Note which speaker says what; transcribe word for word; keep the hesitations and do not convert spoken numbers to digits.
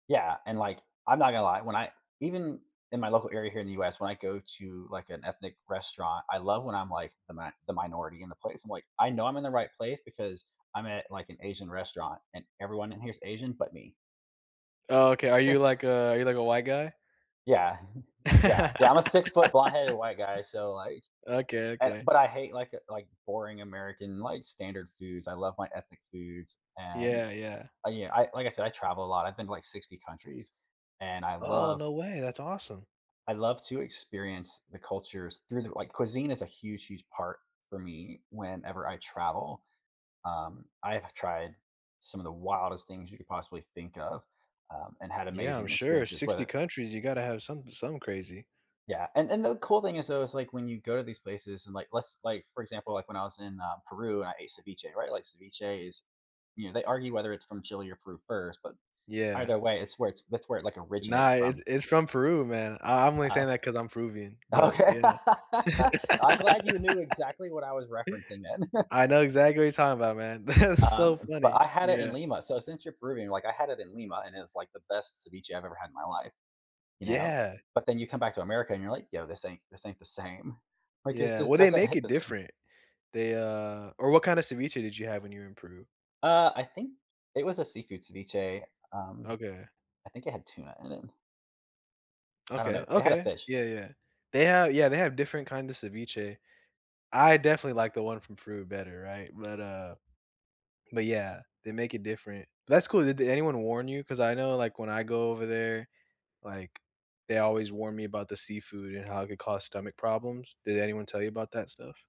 Speaker 1: Yeah, and, like, I'm not gonna lie, when I even in my local area here in the US, when I go to, like, an ethnic restaurant, I love when I'm, like, the mi the minority in the place. I'm like, "I know I'm in the right place because I'm at, like, an Asian restaurant, and everyone in here is Asian but me."
Speaker 2: Oh, okay. Are you like a are you like a white guy?
Speaker 1: Yeah. Yeah, yeah, I'm a six-foot blonde-headed white guy, so, like,
Speaker 2: Okay,
Speaker 1: an
Speaker 2: okay.
Speaker 1: but I hate, like, uh, like, boring American, like standard foods. I love my ethnic foods, and,
Speaker 2: Yeah, yeah.
Speaker 1: uh, yeah. I like I said, I travel a lot. I've been to like sixty countries, and I
Speaker 2: Oh,
Speaker 1: love
Speaker 2: no way. That's awesome.
Speaker 1: I love to experience the cultures through their like, cuisine is a huge, huge part for me whenever I travel, um, I have tried some of the wildest things you could possibly think of, um, and had
Speaker 2: Yeah. I'm
Speaker 1: amazing
Speaker 2: sure.
Speaker 1: experiences with
Speaker 2: sixty
Speaker 1: it.
Speaker 2: countries, you gotta have some some crazy.
Speaker 1: Yeah, and and the cool thing is, though, is, like, when you go to these places and like, let's like, for example, like, when I was in, uh, Peru and I ate ceviche, right? Like ceviche is you know, they argue whether it's from Chile or Peru first, but
Speaker 2: Yeah.
Speaker 1: either way, it's where it's that's where it, like,
Speaker 2: No,
Speaker 1: originates from.
Speaker 2: it's it's from Peru, man. I I'm only saying
Speaker 1: Ah.
Speaker 2: that 'cause I'm Peruvian, but
Speaker 1: Okay.
Speaker 2: yeah.
Speaker 1: I'm glad you knew exactly what I was referencing then.
Speaker 2: I know exactly what you talking about, man. That's so
Speaker 1: Um, but
Speaker 2: funny.
Speaker 1: I had it in
Speaker 2: Yeah.
Speaker 1: Lima, so since you're Peruvian, like, I had it in Lima, and it's, like, the best ceviche I've ever had in my life, you know?
Speaker 2: Yeah.
Speaker 1: But then you come back to America and you're like, "Yo, this ain't this ain't the same." Like, it
Speaker 2: Yeah,
Speaker 1: just
Speaker 2: well, they
Speaker 1: doesn't
Speaker 2: make
Speaker 1: hit
Speaker 2: it
Speaker 1: the same.
Speaker 2: different. They, uh or what kinda ceviche did you have when you were in Peru?
Speaker 1: Uh, I think it was a seafood ceviche. Um,
Speaker 2: Okay.
Speaker 1: I think it had tuna in it. I don't
Speaker 2: Okay,
Speaker 1: know. It had a
Speaker 2: okay.
Speaker 1: fish.
Speaker 2: Yeah, yeah. They have yeah, they have different kind of ceviche. I definitely like the one from Peru better, right? But, uh but, yeah, they make it different. That's cool. Did anyone warn you? 'Cause I know, like, when I go over there, like, they always warn me about the seafood and how it could cause stomach problems. Did anyone tell you about that stuff?